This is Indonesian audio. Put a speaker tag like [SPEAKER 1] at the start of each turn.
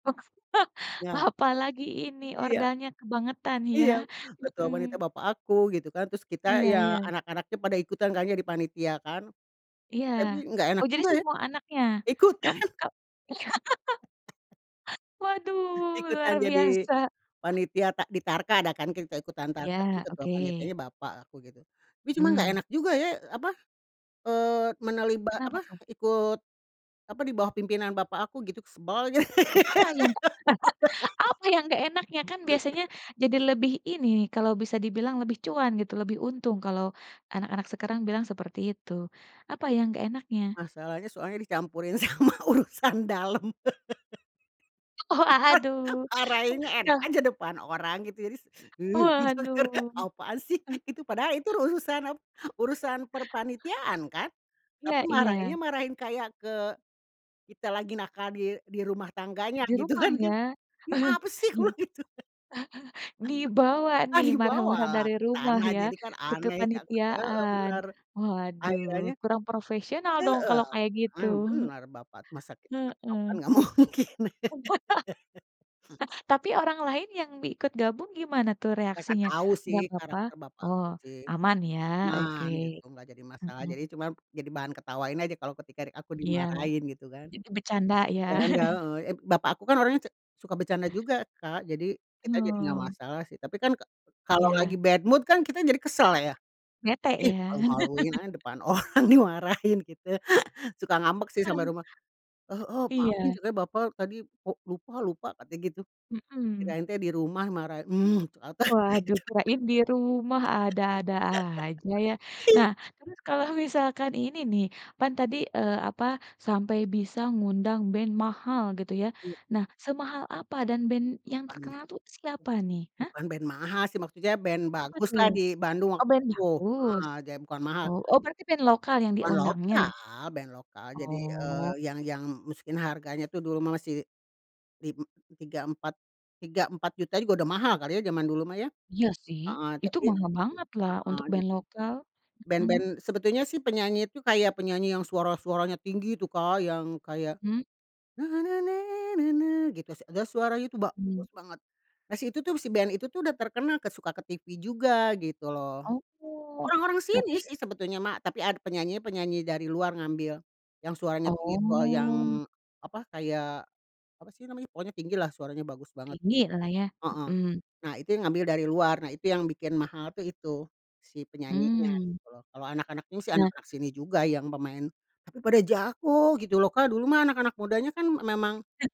[SPEAKER 1] Ya.
[SPEAKER 2] Apalagi ini
[SPEAKER 1] Iya.
[SPEAKER 2] ordalnya kebangetan ya?
[SPEAKER 1] Iya, betul panitia
[SPEAKER 2] Mhm.
[SPEAKER 1] bapak aku gitu kan, terus kita
[SPEAKER 2] Iya,
[SPEAKER 1] ya
[SPEAKER 2] iya.
[SPEAKER 1] anak-anaknya pada ikutan kan jadi panitia kan.
[SPEAKER 2] Iya,
[SPEAKER 1] Tapi nggak
[SPEAKER 2] oh
[SPEAKER 1] enak
[SPEAKER 2] jadi
[SPEAKER 1] juga ya,
[SPEAKER 2] semua anaknya? Kam
[SPEAKER 1] ikutan.
[SPEAKER 2] kam Waduh, luar
[SPEAKER 1] Ikutan jadi
[SPEAKER 2] biasa.
[SPEAKER 1] panitia tak di tarka ada kan kita ikutan tarka tapi
[SPEAKER 2] Ya,
[SPEAKER 1] ketua
[SPEAKER 2] oke.
[SPEAKER 1] panitianya bapak aku gitu, tapi cuma nggak
[SPEAKER 2] Hmm.
[SPEAKER 1] enak juga ya apa, eee, menaliba apa,
[SPEAKER 2] Kenapa tuh?
[SPEAKER 1] eee, ikut apa di bawah pimpinan bapak aku gitu, sebal aja.
[SPEAKER 2] E apa yang gak apa yang gak enaknya? Kan biasanya jadi lebih ini, kalau bisa dibilang lebih cuan gitu. Lebih untung kalau anak-anak sekarang bilang seperti itu. Apa yang gak enaknya?
[SPEAKER 1] Masalahnya soalnya dicampurin sama urusan dalam.
[SPEAKER 2] Oh aduh.
[SPEAKER 1] Marahinnya enak aja depan orang gitu jadi s heh. didenger,
[SPEAKER 2] Waduh.
[SPEAKER 1] "Apaan sih?"
[SPEAKER 2] Eee
[SPEAKER 1] itu padahal itu urusan ap urusan perpanitiaan kan? Tapi
[SPEAKER 2] iya iya.
[SPEAKER 1] marahinnya, marahin kayak ke kita lagi nakal di di rumah tangganya,
[SPEAKER 2] Di
[SPEAKER 1] gitu
[SPEAKER 2] rumah
[SPEAKER 1] kan,
[SPEAKER 2] ya?
[SPEAKER 1] "Ini apa sih?"
[SPEAKER 2] Iya
[SPEAKER 1] kubilang gitu kan
[SPEAKER 2] Dibawa
[SPEAKER 1] Ah,
[SPEAKER 2] nih marah-marah
[SPEAKER 1] dibawalah
[SPEAKER 2] dari
[SPEAKER 1] ke
[SPEAKER 2] rumah
[SPEAKER 1] tanah,
[SPEAKER 2] ya
[SPEAKER 1] jadi kan
[SPEAKER 2] ke
[SPEAKER 1] aneh, [unintelligible] Heeh
[SPEAKER 2] kepanitiaan.
[SPEAKER 1] benar,
[SPEAKER 2] Waduh
[SPEAKER 1] akhirannya
[SPEAKER 2] kurang profesional dong
[SPEAKER 1] Heeh,
[SPEAKER 2] kalau kayak gitu.
[SPEAKER 1] emang bener bapak, masa kita ngetok
[SPEAKER 2] Heeh.
[SPEAKER 1] kan nggak mungkin.
[SPEAKER 2] Nah, tapi orang lain yang mi ikut gabung gimana tuh
[SPEAKER 1] Mereka
[SPEAKER 2] reaksinya?
[SPEAKER 1] tau
[SPEAKER 2] Nggak
[SPEAKER 1] sih
[SPEAKER 2] apa-apa,
[SPEAKER 1] karakter
[SPEAKER 2] oh
[SPEAKER 1] bapakku sih.
[SPEAKER 2] aman ya oke.
[SPEAKER 1] Tenang gitu, gak jadi masalah jadi
[SPEAKER 2] Mhm.
[SPEAKER 1] cuma, jadi bahan ketawain aja kalo ketika di aku
[SPEAKER 2] Iya,
[SPEAKER 1] dimarahin gitu kan.
[SPEAKER 2] jadi bercanda ya?
[SPEAKER 1] Bercanda, heeh, ep bapak aku kan orangnya ce suka bercanda juga Kak jadi kita jadi gak
[SPEAKER 2] Oh.
[SPEAKER 1] masalah sih. Tapi kan ka kalo lagi
[SPEAKER 2] Ya.
[SPEAKER 1] bad mood kan kita jadi kesel ya?
[SPEAKER 2] Bete
[SPEAKER 1] "Ih
[SPEAKER 2] ya?
[SPEAKER 1] malu-maluin aja depan orang dimarahin gitu," suka ngambek sih sampe
[SPEAKER 2] Eng
[SPEAKER 1] rumah, "Heeh maafin,"
[SPEAKER 2] Iya.
[SPEAKER 1] ceunah, "Bapak tadi kok lupa lupa," katanya gitu,
[SPEAKER 2] Mhm.
[SPEAKER 1] kirain teh di rumah marah, "Hmm" ternyata dia gitu.
[SPEAKER 2] Waduh kirain di rumah ada-ada aja ya. Nah
[SPEAKER 1] Iya.
[SPEAKER 2] terus kalau misalkan ini nih, kan tadi, eee, apa sampai bisa ngundang band mahal gitu ya.
[SPEAKER 1] Mmm.
[SPEAKER 2] Nah semahal apa dan band yang
[SPEAKER 1] Rupanya.
[SPEAKER 2] terkenal tuh siapa nih, hah?
[SPEAKER 1] Bukan band mahal sih maksudnya band
[SPEAKER 2] Apa tuh?
[SPEAKER 1] baguslah di Bandung
[SPEAKER 2] Oh,
[SPEAKER 1] waktu
[SPEAKER 2] band
[SPEAKER 1] itu.
[SPEAKER 2] bagus?
[SPEAKER 1] Heeh, jadi bukan mahal.
[SPEAKER 2] Oh oh berarti band lokal yang
[SPEAKER 1] Band
[SPEAKER 2] diundangnya?
[SPEAKER 1] lokal band lokal, jadi, eee,
[SPEAKER 2] Oh.
[SPEAKER 1] yang yang masukin harganya tuh dulu mah masih lim tiga empat tiga empat juta juga udah mahal kali ya zaman dulu mah ya?
[SPEAKER 2] Iya sih
[SPEAKER 1] Heeh
[SPEAKER 2] itu
[SPEAKER 1] tapi
[SPEAKER 2] mahal bangetlah
[SPEAKER 1] heeh,
[SPEAKER 2] untuk band
[SPEAKER 1] jadi
[SPEAKER 2] lokal.
[SPEAKER 1] band band,
[SPEAKER 2] Mhm.
[SPEAKER 1] sebetulnya sih penyanyi itu kayak penyanyi yang suara-suaranya tinggi itu Kak yang kayak,
[SPEAKER 2] Hmm.
[SPEAKER 1] na, na, na, na, na, gitu s terus suaranya itu
[SPEAKER 2] Mmm.
[SPEAKER 1] bagus banget. Nah si itu tuh si band itu tuh udah terkenal ke suka ke TV juga gitu loh.
[SPEAKER 2] Oh,
[SPEAKER 1] Orang-orang sini
[SPEAKER 2] tapi
[SPEAKER 1] sih sebetulnya mah tapi ada penyanyi penyanyi dari luar ngambil yang suaranya tipe
[SPEAKER 2] oh.
[SPEAKER 1] yang apa kayak, apa sih namanya pokoknya tinggi lah suaranya bagus banget.
[SPEAKER 2] Tinggilah ya?
[SPEAKER 1] Heeh,
[SPEAKER 2] Mhm.
[SPEAKER 1] nah itu yang ngambil dari luar, nah itu yang bikin mahal tuh itu si penyanyinya
[SPEAKER 2] Mmm.
[SPEAKER 1] gitu loh. Kalau anak-anak ini sih
[SPEAKER 2] Ya.
[SPEAKER 1] anak-anak sini juga yang pemain tapi pada jago gitu loh Kak, dulu mah anak-anak mudanya kan memang